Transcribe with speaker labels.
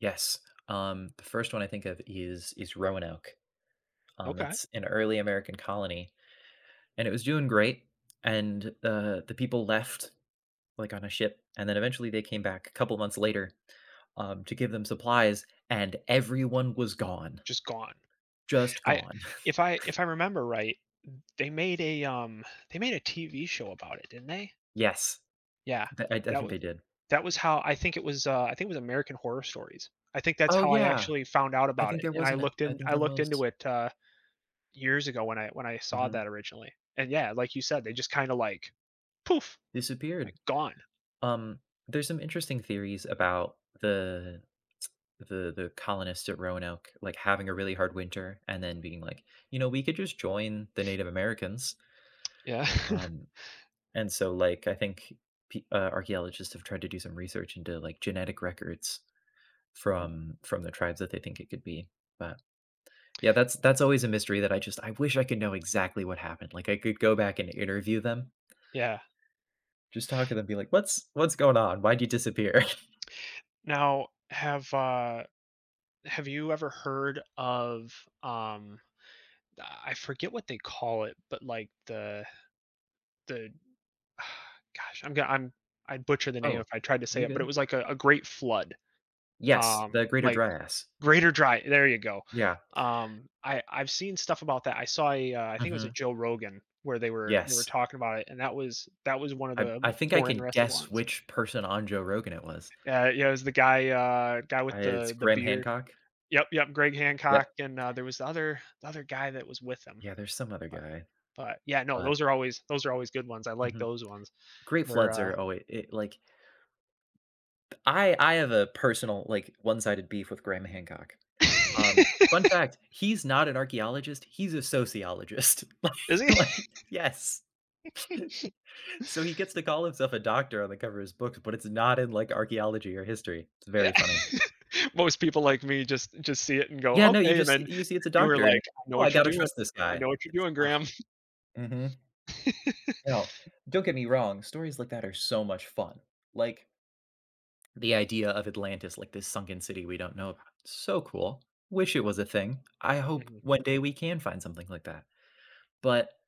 Speaker 1: Yes, um, the 1st one I think of is is Roanoke. Um,
Speaker 2: Okay.
Speaker 1: it's an early American colony, and it was doing great, and, uh, the people left, like, on a ship, and then eventually they came back a couple months later, um, to give them supplies and everyone was gone.
Speaker 2: Just gone.
Speaker 1: Just
Speaker 2: I
Speaker 1: gone.
Speaker 2: if I if I remember right, they made a, um, they made a TV show about it, didn't they?
Speaker 1: Yes.
Speaker 2: Yeah,
Speaker 1: D I I
Speaker 2: that
Speaker 1: think
Speaker 2: wa
Speaker 1: they did.
Speaker 2: that was how I think it was, uh, I think it was American Horror Story. I think that's
Speaker 1: Oh
Speaker 2: how I
Speaker 1: yeah,
Speaker 2: actually found out
Speaker 1: I
Speaker 2: about
Speaker 1: think
Speaker 2: it
Speaker 1: there
Speaker 2: and I
Speaker 1: wasn't it
Speaker 2: looked
Speaker 1: I
Speaker 2: in
Speaker 1: think
Speaker 2: I
Speaker 1: there
Speaker 2: looked
Speaker 1: was.
Speaker 2: into it, uh, years ago when I when I saw
Speaker 1: Mhm.
Speaker 2: that originally. And yeah, like you said, they just kinda, like, poof, like,
Speaker 1: Disappeared.
Speaker 2: gone.
Speaker 1: Um, there's some interesting theories about the the the colonists at Roanoke, like, having a really hard winter and then being like, you know, "We could just join the Native Americans."
Speaker 2: Yeah.
Speaker 1: Um, and so, like, I think pe uh, archaeologists have tried to do some research into, like, genetic records
Speaker 2: Hmm.
Speaker 1: from from the tribes that they think it could be, but yeah, that's that's always a mystery that I just I wish I could know exactly what happened, like, I could go back and interview them.
Speaker 2: Yeah.
Speaker 1: Just talk to them be like, "What's what's going on? Why did you disappear?"
Speaker 2: Now, have, uh have you ever heard of, um, I forget what they call it, but like the the gosh, I'm g I'm I'd butcher the name
Speaker 1: Oh,
Speaker 2: if I tried to say
Speaker 1: you're
Speaker 2: it, but it
Speaker 1: good.
Speaker 2: was, like, a a great flood.
Speaker 1: Yes, the
Speaker 2: Um,
Speaker 1: Greater
Speaker 2: like
Speaker 1: Dryas.
Speaker 2: greater dry, there you go,
Speaker 1: Yeah.
Speaker 2: um, I I've seen stuff about that. I saw a, uh, I think it was a
Speaker 1: Mhm.
Speaker 2: Joe Rogan where they were they were
Speaker 1: Yes.
Speaker 2: talking about it, and that was that was one of
Speaker 1: I
Speaker 2: the
Speaker 1: I think I
Speaker 2: more
Speaker 1: can
Speaker 2: interesting
Speaker 1: guess
Speaker 2: ones.
Speaker 1: which person on Joe Rogan it was.
Speaker 2: Uh, yeah, it was the guy, uh, guy
Speaker 1: Uh,
Speaker 2: with
Speaker 1: it's
Speaker 2: the the
Speaker 1: Graham
Speaker 2: beard.
Speaker 1: Hancock?
Speaker 2: Yup, yup, Greg Hancock,
Speaker 1: Yep.
Speaker 2: and, uh, there was the other the other guy that was with him.
Speaker 1: Yeah, there's some other
Speaker 2: But
Speaker 1: guy.
Speaker 2: but, yeah, no,
Speaker 1: But
Speaker 2: those are always those are always good ones, I like
Speaker 1: Mhm.
Speaker 2: those ones
Speaker 1: Great
Speaker 2: where,
Speaker 1: floods
Speaker 2: uh
Speaker 1: are always e like I I have a personal like one-sided beef with Graham Hancock. Um, fun fact, he's not an archaeologist, he's a sociologist, like
Speaker 2: Is he?
Speaker 1: like yes. So he gets to call himself a doctor on the cover of his books, but it's not in, like, archaeology or history, it's
Speaker 2: Yeah.
Speaker 1: very funny.
Speaker 2: Most people like me just just see it and go,
Speaker 1: Yeah, no, you
Speaker 2: "Okay," and
Speaker 1: just
Speaker 2: then
Speaker 1: you see it's a
Speaker 2: you were
Speaker 1: doctor and,
Speaker 2: like, "I know
Speaker 1: "Oh, I
Speaker 2: what you're
Speaker 1: gotta
Speaker 2: doing,
Speaker 1: trust this
Speaker 2: I
Speaker 1: guy."
Speaker 2: know what you're doing, Graham."
Speaker 1: Mhm. No, don't get me wrong, stories like that are so much fun, like, the idea of Atlantis, like, this sunken city we don't know about- so cool, wish it was a thing. I hope
Speaker 2: Mhm.
Speaker 1: one day we can find something like that, but